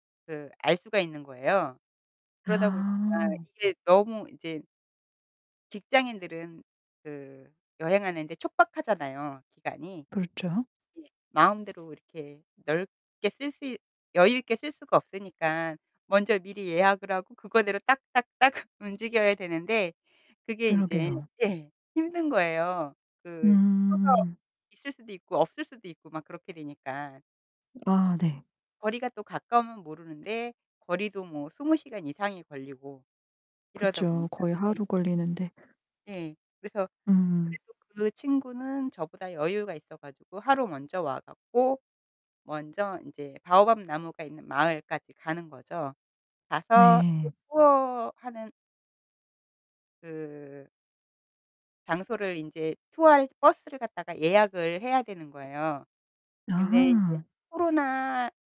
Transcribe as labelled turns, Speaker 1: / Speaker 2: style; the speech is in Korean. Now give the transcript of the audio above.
Speaker 1: 그 알 수가 있는 거예요. 그러다 보니까
Speaker 2: 아.
Speaker 1: 이게 너무 이제 직장인들은 그 여행하는 데 촉박하잖아요, 기간이.
Speaker 2: 그렇죠.
Speaker 1: 예. 마음대로 이렇게 넓게 쓸 수 있 여유 있게 쓸 수가 없으니깐 먼저 미리 예약을 하고 그거대로 딱 딱 딱 움직여야 되는데 그게 인제
Speaker 2: 그러게요.
Speaker 1: 예, 힘든 거예요. 그 표가
Speaker 2: 음.
Speaker 1: 있을 수도 있고 없을 수도 있고 막 그렇게 되니까.
Speaker 2: 아 네.
Speaker 1: 거리가 또 가까우면 모르는데 거리도 뭐 20 시간 이상이 걸리고 이러다
Speaker 2: 그쵸.
Speaker 1: 보니까.
Speaker 2: 거의
Speaker 1: 네.
Speaker 2: 하루 걸리는데.
Speaker 1: 예. 그래서
Speaker 2: 음.
Speaker 1: 그래도 그 친구는 저보다 여유가 있어 가지고 하루 먼저 와 갖고 먼저 인제 바오밥나무가 있는 마을까지 가는 거죠. 가서 이제
Speaker 2: 네.
Speaker 1: 투어하는 그 장소를 인제 투어할 버스를 갖다가 예약을 해야 되는 거예요. 근데 인제
Speaker 2: 아.
Speaker 1: 코로나